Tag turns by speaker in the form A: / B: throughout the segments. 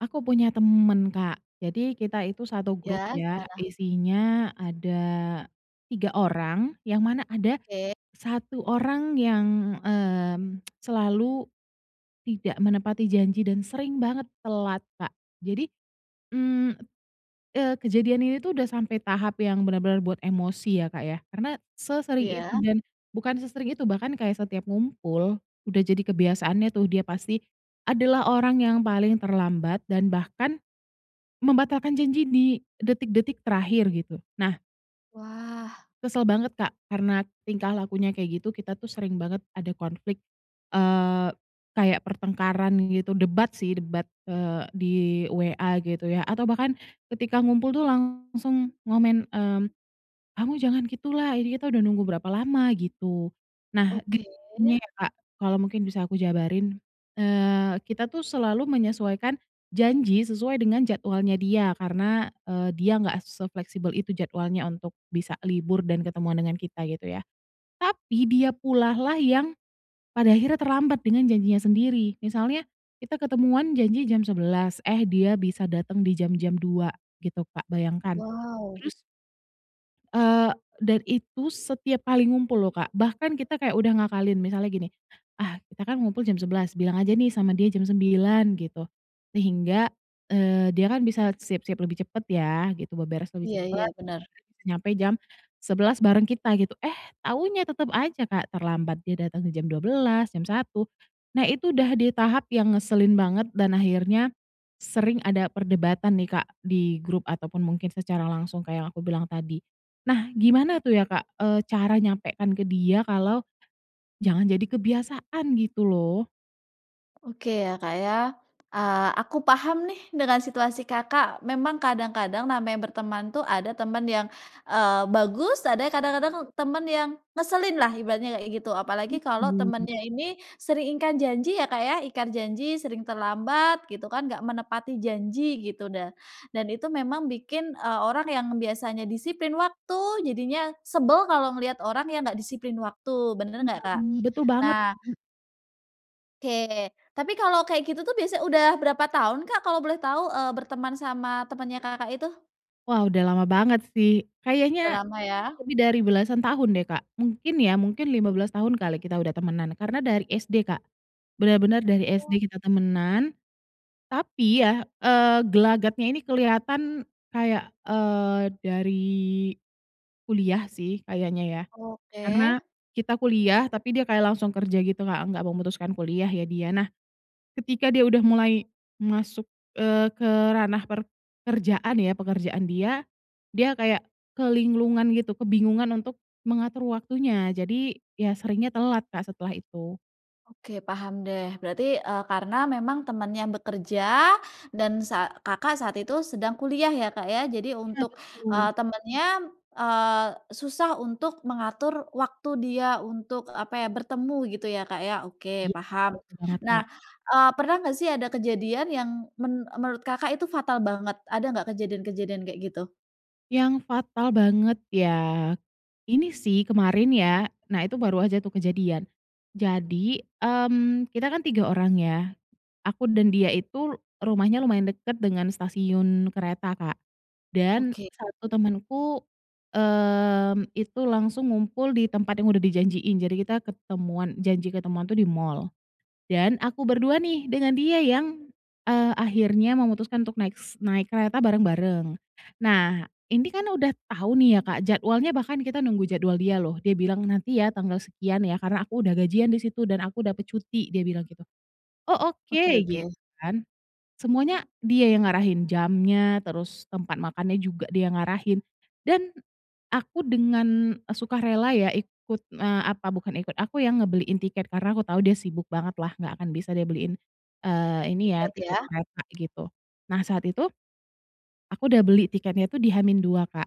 A: Aku punya temen, Kak, jadi kita itu 1 grup
B: Ya
A: ya
B: gimana?
A: isinya ada 3 orang, yang mana ada
B: Oke.
A: satu orang yang, mmm, selalu tidak menepati janji dan sering banget telat, Kak. Jadi, mmm, eee, kejadian ini tuh udah sampai tahap yang benar-benar buat emosi ya, Kak, ya, karena sesering itu
B: Iya.
A: dan bukan sesering itu bahkan kayak setiap ngumpul, udah jadi kebiasaannya tuh dia pasti adalah orang yang paling terlambat dan bahkan membatalkan janji di detik-detik terakhir gitu. Nah.
B: Wah.
A: Kesel banget, Kak, karena tingkah lakunya kayak gitu kita tuh sering banget ada konflik, eee, kayak pertengkaran gitu, debat sih debat, eee, di WA gitu ya atau bahkan ketika ngumpul tuh langsung ngomen, mmm, "kamu jangan gitu lah, ini kita udah nunggu berapa lama," gitu. Nah di
B: Oke.
A: [unintelligible] ya, Kak, kalau mungkin bisa aku jabarin, eee, kita tuh selalu menyesuaikan janji sesuai dengan jadwalnya dia karena, eee, dia nggak sefleksibel itu jadwalnya untuk bisa libur dan ketemuan dengan kita gitu ya. Tapi dia pulalah yang pada akhirnya terlambat dengan janjinya sendiri, misalnya kita ketemuan janji jam 11, eh dia bisa datang di jam-jam 2 gitu, Kak, bayangkan.
B: Wow.
A: Terus, eee, dan itu setiap kali ngumpul loh, Kak. Bahkan kita kayak udah ngakalin misalnya gini, "ah kita kan ngumpul jam 11, bilang aja nih sama dia jam 9," gitu, sehingga, eee, dia kan bisa siap-siap lebih cepat ya, gitu, beberes lebih
B: Iya iya,
A: cepat, terus
B: bener.
A: akhirnya bisa nyampe jam 11 bareng kita, gitu, eh taunya tetap aja, Kak, terlambat dia datang di jam 12, jam 1. Nah, itu udah di tahap yang ngeselin banget dan akhirnya sering ada perdebatan nih, Kak, di grup ataupun mungkin secara langsung kayak yang aku bilang tadi. Nah, gimana tuh ya, Kak, eee, cara nyampekkan ke dia kalau jangan jadi kebiasaan? Gitu loh.
B: Oke ya, Kak, ya, eee, aku paham nih dengan situasi, Kakak. Memang kadang-kadang namanya berteman tuh ada temen yang, eee, bagus ada kadang-kadang temen yang ngeselin lah ibaratnya kayak gitu, apalagi kalau
A: Betul.
B: temennya ini sering ingkar janji ya, Kak, ya, ingkar janji, sering terlambat gitu kan, nggak menepati janji gitu, dah dan itu memang bikin, eee, orang yang biasanya disiplin waktu jadinya sebel kalau melihat orang yang nggak disiplin waktu, bener nggak,
A: Iya,
B: Kak?
A: mmm, betul banget,
B: Nah
A: Kak.
B: oke. Tapi kalau kayak gitu tuh biasa udah berapa tahun, Kak, kalau boleh tahu, eee, berteman sama temannya, Kakak, itu?
A: Wah, udah lama banget sih
B: Udah
A: kayaknya
B: lama ya.
A: lebih dari belasan tahun deh, Kak, mungkin ya, mungkin 15 tahun kali kita udah temenan karena dari SD, Kak, bener-bener dari SD
B: Oh.
A: kita temenan, tapi ya, eee, gelagatnya ini kelihatan kayak, eee, dari kuliah sih kayaknya ya
B: Oke.
A: karena kita kuliah, tapi dia kayak langsung kerja gitu, Kak, nggak memutuskan kuliah ya dia. Nah, ketika dia udah mulai masuk, eee, ke ranah per kerjaan ya, pekerjaan dia, dia kayak kelinglungan gitu, kebingungan untuk mengatur waktunya jadi ya seringnya telat, Kak, setelah itu.
B: Oke paham deh, berarti, eee, karena memang temannya bekerja dan sa Kakak, saat itu sedang kuliah ya, Kak, ya, jadi
A: Iya,
B: untuk, eee,
A: betul.
B: temannya, eee, susah untuk mengatur waktu dia untuk, apa ya bertemu gitu ya, Kak, ya. Oke
A: Iya,
B: paham.
A: betul banget,
B: Nah,
A: Kak.
B: eee, pernah nggak sih ada kejadian yang men menurut, Kakak, itu fatal banget? Ada nggak kejadian-kejadian kayak gitu?
A: Yang fatal banget ya ini sih kemarin ya, nah itu baru aja tuh kejadian. Jadi, mmm, kita kan 3 orang ya aku dan dia itu rumahnya lumayan dekat dengan stasiun kereta, Kak, dan
B: Oke.
A: 1 temanku, mmm, itu langsung ngumpul di tempat yang udah dijanjiin, jadi kita ketemuan janji ketemuan tuh di mall. Dan aku ber-2 nih dengan dia yang, eee, akhirnya memutuskan untuk naik s naik kereta bareng-bareng. Nah, ini kan udah tau nih ya, Kak, jadwalnya bahkan kita nunggu jadwal dia loh, dia bilang, "nanti ya tanggal sekian ya, karena aku udah gajian disitu dan aku dapat cuti," dia bilang gitu, "oh oke,"
B: Oke
A: gitu
B: oke.
A: kan. Semuanya dia yang ngarahin jamnya, terus tempat makannya juga dia ngarahin, dan aku dengan sukarela ya ikut, eee, apa bukan ikut, aku ya ngebeliin tiket karena aku tau dia sibuk banget lah nggak akan bisa dia beliin, eee, ini ya,
B: Tiket ya.
A: tiket kereta gitu. Nah, saat itu aku udah beli tiketnya tuh di H-2, Kak,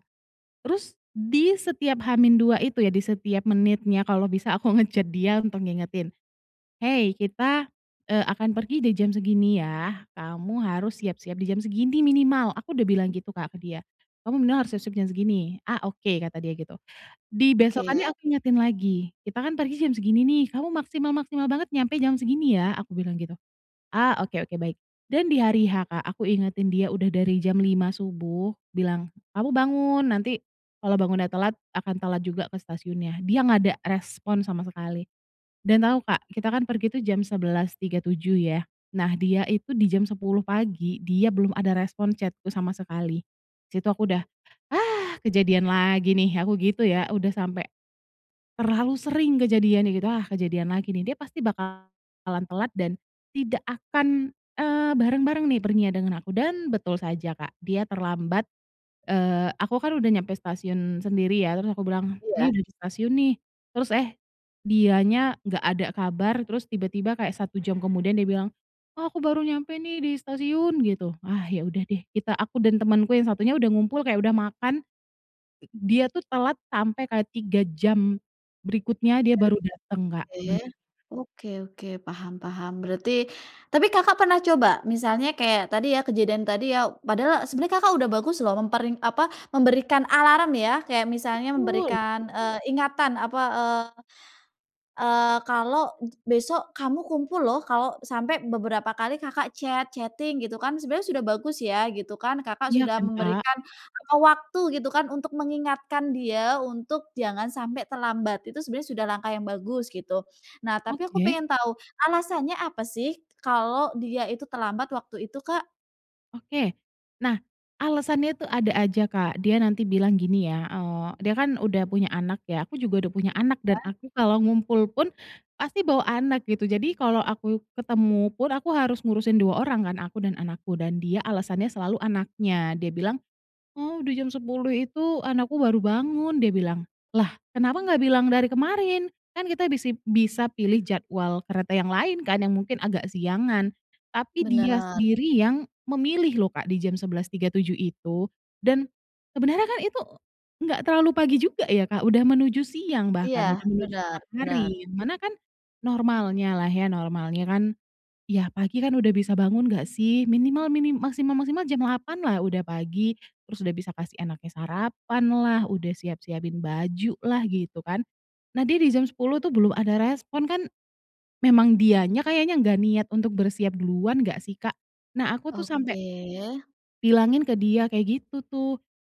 A: terus di setiap H-2 itu ya, di setiap menitnya kalau bisa aku nge-chat dia untuk ngingetin, "hei kita, eee, akan pergi di jam segini ya, kamu harus siap-siap di jam segini minimal," aku udah bilang gitu, Kak, ke dia, "kamu minimal harus siap-siap jam segini," "ah, oke," kata dia gitu.
B: Oke.
A: Dibesokannya aku ingetin lagi, "kita kan pergi jam segini nih, kamu maksimal-maksimal banget nyampe jam segini ya," aku bilang gitu, "ah oke oke baik." Dan di hari H, Kak, aku ingetin dia udah dari jam 5 subuh bilang, "kamu bangun, nanti kalau bangunnya telat akan telat juga ke stasiunnya." Dia gak ada respon sama sekali dan tau, Kak, kita kan pergi tuh jam 11.37 ya, nah dia itu di jam 10 pagi, dia belum ada respon chat-ku sama sekali. Disitu aku udah, "ah kejadian lagi nih," aku gitu ya, udah sampe terlalu sering kejadiannya gitu, "ah kejadian lagi nih, dia pasti bakalan telat dan tidak akan, eee, bareng-bareng nih, perginya dengan aku," dan betul saja, Kak, dia terlambat, eee, aku kan udah nyampe stasiun sendiri ya terus aku bilang, "ini
B: Iya.
A: udah di stasiun nih," terus, eh, dianya gak ada kabar terus tiba-tiba kayak 1 jam kemudian dia bilang, "ah aku baru nyampe nih di stasiun," gitu. Ah ya udah deh, kita aku dan temanku yang 1-nya udah ngumpul kayak udah makan, i dia tuh telat sampai kayak 3 jam berikutnya dia baru datang, Kak,.
B: Baik,
A: [unintelligible]
B: oke oke oke, paham paham. Berarti tapi, Kakak, pernah coba misalnya kayak tadi ya kejadian tadi ya padahal sebenarnya, Kakak, udah bagus loh memper apa, memberikan alarm ya, kayak misalnya
A: Betul!
B: memberikan, eee, ingatan, apa, eee, kalau besok kamu kumpul loh kalau sampai beberapa kali, Kakak, chat, chatting gitu kan, sebenarnya sudah bagus ya gitu kan, Kakak,
A: Iya
B: sudah
A: kan, Kak?
B: memberikan jangka waktu gitu kan untuk mengingatkan dia untuk jangan sampai terlambat, itu sebenarnya sudah langkah yang bagus, gitu. Nah tapi aku
A: Oke.
B: pengen tahu alasannya apa sih kalau dia itu terlambat waktu itu, Kak?
A: Oke, nah alasannya tuh ada aja, Kak, dia nanti bilang gini ya, eee, dia kan udah punya anak ya, aku juga udah punya anak dan
B: Iya.
A: aku kalau ngumpul pun pasti bawa anak gitu, jadi kalau aku ketemu pun aku harus ngurusin 2 orang kan, aku dan anakku dan dia alasannya selalu anaknya. Dia bilang, "oh, di jam 10 itu anakku baru bangun," dia bilang. Lah kenapa gak bilang dari kemarin? Kan kita bisip bisa pilih jadwal kereta yang lain kan yang mungkin agak siangan. Tapi dia
B: Bener.
A: sendiri yang memilih loh, Kak, di jam 11.37 itu. Dan sebenernya kan itu nggak terlalu pagi juga ya, Kak, udah menuju siang
B: Iya,
A: bahkan udah menuju
B: bener
A: tengah
B: bener.
A: hari, mana kan normalnya lah ya, normalnya kan, ya pagi kan udah bisa bangun nggak sih? Minimal minim maksimal-maksimal jam 8 lah udah pagi, terus udah bisa kasih anaknya sarapan lah, udah siap-siapin baju lah gitu kan. Nah dia di jam 10 tuh belum ada respon kan, memang dianya kayaknya gak niat untuk bersiap duluan nggak sih, Kak? Nah aku tuh sampai
B: Oke.
A: bilangin ke dia kayak gitu tuh,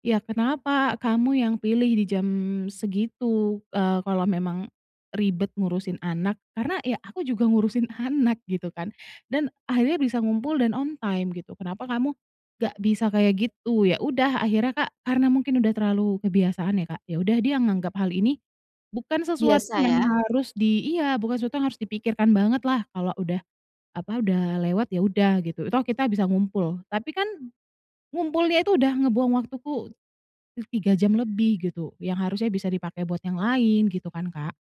A: "ya kenapa kamu yang pilih dijam segitu, eee, kalau memang ribet ngurusin anak? Karena ya aku juga ngurusin anak gitu kan dan akhirnya bisa ngumpul dan on time gitu, kenapa kamu gak bisa kayak gitu?" Ya udah akhirnya, Kak, karena mungkin udah terlalu kebiasaan ya, Kak, ya udah dia nganggap hal ini bukan sesuatu
B: Biasa
A: yang
B: ya.
A: harus di iya bukan sesuatu yang harus dipikirkan banget lah kalau udah, apa udah lewat ya udah gitu, toh kita bisa ngumpul, tapi kan ngumpulnya itu udah ngebuang waktuku ti 3 jam lebih gitu, yang harusnya bisa dipakai buat yang lain gitu kan, Kak.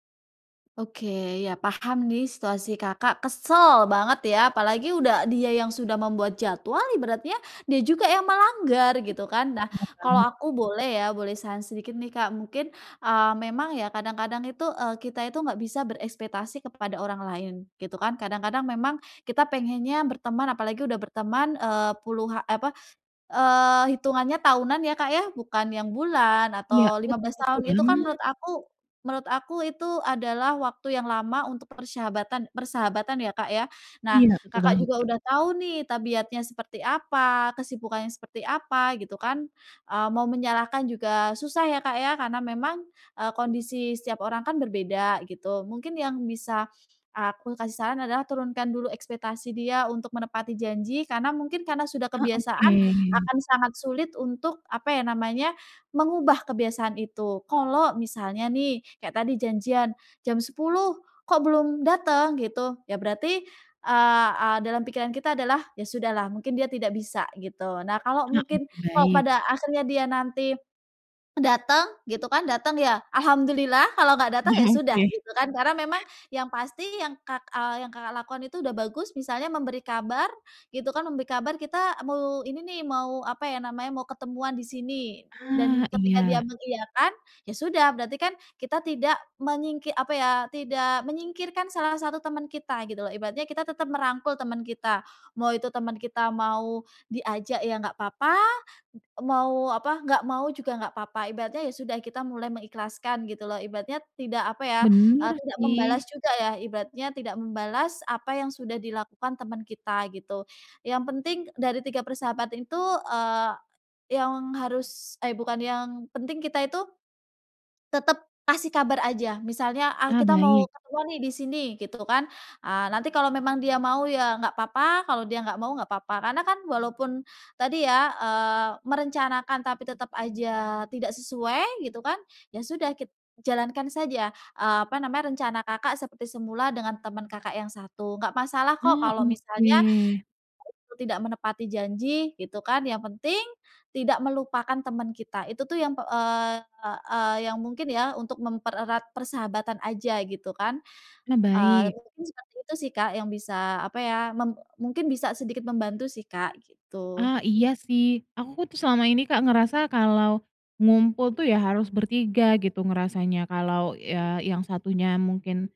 B: Oke, ya paham nih situasi, Kakak, kesel banget ya, apalagi udah dia yang sudah membuat jadwal ibaratnya, dia juga yang melanggar gitu kan. Nah
A: Bener
B: kalau
A: banget.
B: aku boleh ya, boleh saran sedikit nih, Kak, mungkin, eee, memang ya kadang-kadang itu, eee, kita itu nggak bisa berekspektasi kepada orang lain gitu kan. Kadang-kadang memang kita pengennya berteman apalagi udah berteman, eee, puluha apa, eee, hitungannya tahunan ya, Kak, ya, bukan yang bulan
A: Iya,
B: atau lima
A: bet
B: belas
A: betul
B: tahun itu kan menurut
A: banget.
B: aku menurut aku itu adalah waktu yang lama untuk persyahabatan persahabatan ya, Kak, ya. Nah,
A: Iya betul
B: Kakak
A: banget,
B: juga
A: Kak.
B: udah tahu nih tabiatnya seperti apa, kesibukannya seperti apa gitu kan, eee, mau menyalahkan juga susah ya, Kak, ya, karena memang, eee, kondisi setiap orang kan berbeda gitu. Mungkin yang bisa aku kasih saran adalah turunkan dulu ekspektasi dia untuk menepati janji karena mungkin karena sudah
A: Ah, oke.
B: kebiasaan akan sangat sulit untuk, apa ya namanya mengubah kebiasaan itu. Kalau misalnya nih kayak tadi janjian jam 10 kok belum dateng gitu, ya berarti, eee, dalam pikiran kita adalah "ya sudahlah mungkin dia tidak bisa," gitu. Nah kalau
A: Ah,
B: mungkin
A: oke
B: kalau
A: baik.
B: pada akhirnya dia nanti, datang gitu kan, datang ya Alhamdulillah kalau nggak datang ya
A: Ah
B: sudah,
A: oke.
B: gitu kan. Karena memang yang pasti yang, Kak eee, yang, Kakak, lakukan itu udah bagus misalnya memberi kabar gitu kan, memberi kabar kita mau ini nih mau, apa ya namanya mau ketemuan di sini dan
A: Ah,
B: ketika dia
A: iya.
B: mengiyakan ya sudah berarti kan kita tidak mengingkir apa ya, tidak menyingkirkan salah 1 teman kita gitu loh, ibaratnya kita tetap merangkul teman kita, mau itu teman kita mau diajak ya nggak papa, mau, apa nggak mau juga nggak papa. Ibaratnya ya sudah kita mulai mengikhlaskan gitu loh ibaratnya tidak apa ya, eee,
A: Bener
B: tidak membalas
A: sih.
B: juga ya, ibaratnya tidak membalas apa yang sudah dilakukan teman kita gitu. Yang penting dari 3 persahabatan itu, eee, yang harus eh bukan, yang penting kita itu tetap kasih kabar aja, misalnya, "ah
A: Ah,
B: kita mau
A: baik.
B: keluar nih disini," gitu kan, eee, nanti kalau memang dia mau ya nggak papa, kalau dia nggak mau nggak papa. Karena kan walaupun tadi ya, eee, merencanakan tapi tetap aja tidak sesuai gitu kan, ya sudah kita jalankan saja, eee, apa namanya rencana, Kakak, seperti semula dengan teman, Kakak, yang 1, nggak masalah kok
A: Ah,
B: kalau misalnya teman,
A: oke.
B: Kakak, itu tidak menepati janji gitu kan, yang penting tidak melupakan teman kita. Itu tuh yang p eee, yang mungkin ya untuk mempererat persahabatan aja gitu kan,
A: Ah,
B: eee,
A: baik.
B: kurang lebih seperti itu sih, Kak, yang bisa, apa ya mem mungkin bisa sedikit membantu sih, Kak, gitu.
A: Ah iya sih, aku ku tuh selama ini, Kak, ngerasa kalau ngumpul tuh ya harus ber-3 gitu ngerasanya, kalau ya yang 1-nya mungkin,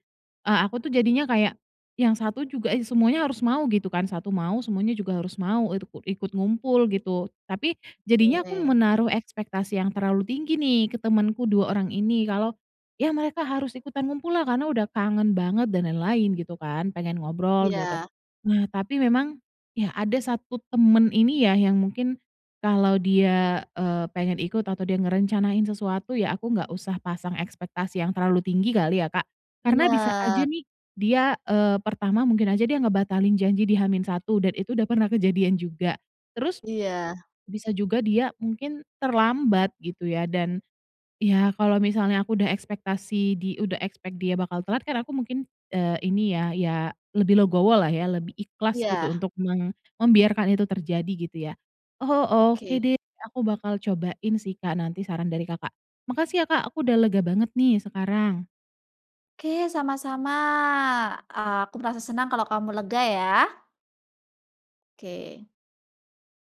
A: eee, aku tuh jadinya kayak yang 1 juga, eee, is semuanya harus mau gitu kan, 1 mau semuanya juga harus mau itu kut ikut ngumpul gitu. Tapi jadinya aku
B: Oke.
A: menaruh ekspektasi yang terlalu tinggi nih ke temenku 2 orang ini, kalau ya mereka harus ikutan ngumpul lah karena udah kangen banget dan lain-lain gitu kan, pengen ngobrol gitu.
B: Iya.
A: Nah tapi memang ya ada 1 teman ini ya yang mungkin kalau dia, eee, pengen ikut atau dia ngerencanain sesuatu, ya aku nggak usah pasang ekspektasi yang terlalu tinggi kali ya, Kak, karena bisa aja
B: Bener.
A: nih dia, eee, pertama mungkin aja dia ngebatalin janji di H-1 dan itu udah pernah kejadian juga, terus
B: Iya.
A: bisa juga dia mungkin terlambat gitu ya, dan ya kalau misalnya aku udah ekspektasi di udah ekspek dia bakal telat kan aku mungkin, eee, ini ya ya lebih legowo lah ya, lebih ikhlas gitu
B: Iya.
A: untuk mem membiarkan itu terjadi gitu ya. Oh, oke
B: Oke.
A: deh, aku bakal cobain sih, Kak, nanti saran dari, Kakak. Makasih ya, Kak, aku udah lega banget nih sekarang.
B: Oke sama-sama, eee, aku merasa senang kalau kamu lega ya. Oke.